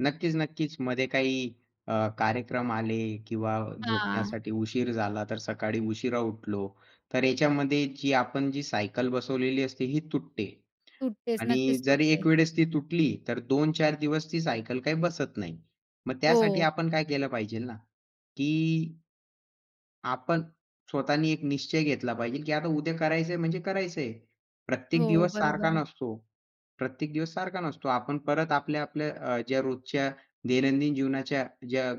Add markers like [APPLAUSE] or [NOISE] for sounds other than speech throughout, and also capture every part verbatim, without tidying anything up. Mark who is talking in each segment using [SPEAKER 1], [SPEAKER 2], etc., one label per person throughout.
[SPEAKER 1] नक्कीच, नक्कीच. मध्ये काही अ, कार्यक्रम आले किंवा
[SPEAKER 2] हां.
[SPEAKER 1] झोपण्यासाठी उशीर झाला तर सकाळी उशिरा उठलो तर याच्यामध्ये जी आपण जी सायकल बसवलेली असते ही तुटते
[SPEAKER 2] सुटतेच
[SPEAKER 1] आणि
[SPEAKER 2] नक्कीच
[SPEAKER 1] जरी
[SPEAKER 2] सुटते.
[SPEAKER 1] एक वेळेस ती तुटली तर दोन चार दिवस ती सायकल काही बसत नाही. मग त्यासाठी
[SPEAKER 2] हो.
[SPEAKER 1] आपण काय केलं पाहिजे ना की आपण स्वतःनी एक निश्चय घेतला पाहिजे की आता उद्या करायचंय म्हणजे करायचंय. प्रत्येक
[SPEAKER 2] हो,
[SPEAKER 1] दिवस
[SPEAKER 2] बरोबर
[SPEAKER 1] सारखा
[SPEAKER 2] आहे.
[SPEAKER 1] नसतो, प्रत्येक दिवस सारखा नसतो. आपण परत आपल्या-आपल्या अ, ज्या रोजच्या दैनंदिन जीवनाच्या ज्या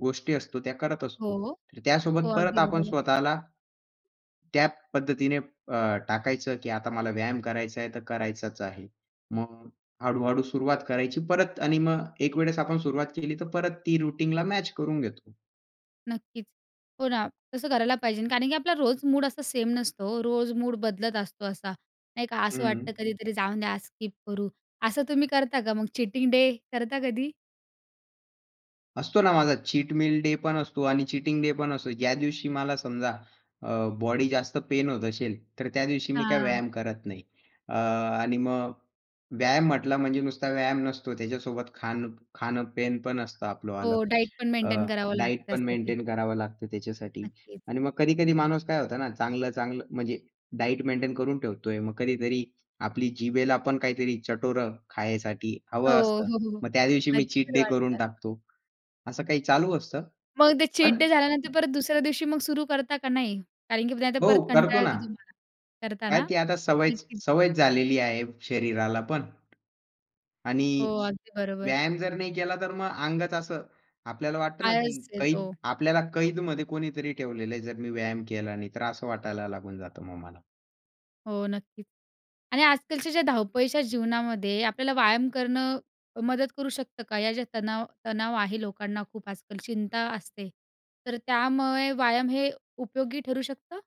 [SPEAKER 1] गोष्टी असतो त्या कडत
[SPEAKER 2] हो,
[SPEAKER 1] असतो.
[SPEAKER 2] हो,
[SPEAKER 1] त्यासोबत
[SPEAKER 2] हो.
[SPEAKER 1] परत
[SPEAKER 2] अगदी
[SPEAKER 1] आपण
[SPEAKER 2] बरोबर.
[SPEAKER 1] स्वतःला त्या पद्धतीने अ, टाकायचं की आता मला व्यायाम करायचा आहे तर करायचाच आहे. मग हळू-हळू सुरुवात करायची परत आणि मग एक वेळेस आपण सुरुवात केली तर परत ती रुटीनला मॅच करून घेतो.
[SPEAKER 2] नक्कीच. हो ना! तसं करायला पाहिजे कारण की आपला रोज मूड असं सेम नसतो. हो, रोज मूड बदलत असतो असा नाही का? असं वाटतं
[SPEAKER 1] हं.
[SPEAKER 2] कधीतरी जाऊन द्या, स्किप करू. असं तुम्ही करता का मग? चीटिंग डे करता कधी?
[SPEAKER 1] असतो ना माझा चीट मील डे पण असतो आणि चीटिंग डे पण असतो. ज्या दिवशी मला समजा अ, बॉडी जास्त पेन होत असेल, तर त्या दिवशी मी काय
[SPEAKER 2] हां.
[SPEAKER 1] व्यायाम करत नाही. अ, आणि मग व्यायाम म्हटला म्हणजे नुसता व्यायाम नसतो. त्याच्यासोबत खाणं खाणं पेन असतं आपलं आलं.
[SPEAKER 2] हो, डाएट पण
[SPEAKER 1] अ,
[SPEAKER 2] मेंटेन करावं लागतं
[SPEAKER 1] डायट पण
[SPEAKER 2] त्यासाठी.
[SPEAKER 1] मेंटेन करावं लागतं त्याच्यासाठी
[SPEAKER 2] नक्कीच.
[SPEAKER 1] आणि मग कधी-कधी माणूस काय होता ना, चांगलं-चांगलं म्हणजे डायट मेंटेन करून ठेवतोय. मग कधीतरी आपली जिभेला पण काहीतरी चटोरं खायसाठी
[SPEAKER 2] हो,
[SPEAKER 1] हवं असतं.
[SPEAKER 2] हो, हो, हो.
[SPEAKER 1] मग त्या दिवशी मी चीट
[SPEAKER 2] नक्की
[SPEAKER 1] डे करून
[SPEAKER 2] वाटत.
[SPEAKER 1] टाकतो. असं काही चालू असतं.
[SPEAKER 2] मग ते चीट
[SPEAKER 1] पण
[SPEAKER 2] डे झाल्यानंतर परत दुसऱ्या दिवशी मग सुरू करता का नाही? कारण की नाही तर
[SPEAKER 1] हो.
[SPEAKER 2] परत
[SPEAKER 1] करतो
[SPEAKER 2] कंटाळा
[SPEAKER 1] ना.
[SPEAKER 2] येतो तुम्हाला
[SPEAKER 1] काय
[SPEAKER 2] करताना?
[SPEAKER 1] ती आता सवयच
[SPEAKER 2] [UNINTELLIGIBLE]
[SPEAKER 1] सवय झालेली आहे शरीराला पण आणि
[SPEAKER 2] हो, अगदी बरोबर.
[SPEAKER 1] व्यायाम जर नाही केला तर मग अंगच असं आपल्याला वाटतं ना की
[SPEAKER 2] आळस
[SPEAKER 1] कैद
[SPEAKER 2] येतो.
[SPEAKER 1] आपल्याला कैद मध्ये कोणीतरी ठेवलेलं आहे. जर मी व्यायाम केला नाही तर असं वाटायला लागून जातं मग मला.
[SPEAKER 2] हो नक्कीच. आणि आजकालच्या ज्या धावपळीच्या जीवनामध्ये आपल्याला व्यायाम करणं अ, मदत करू शकतं का या ज्या तणाव तणाव आहे लोकांना खूप आजकाल चिंता असते तर त्यामुळे व्यायाम हे उपयोगी ठरू शकतं?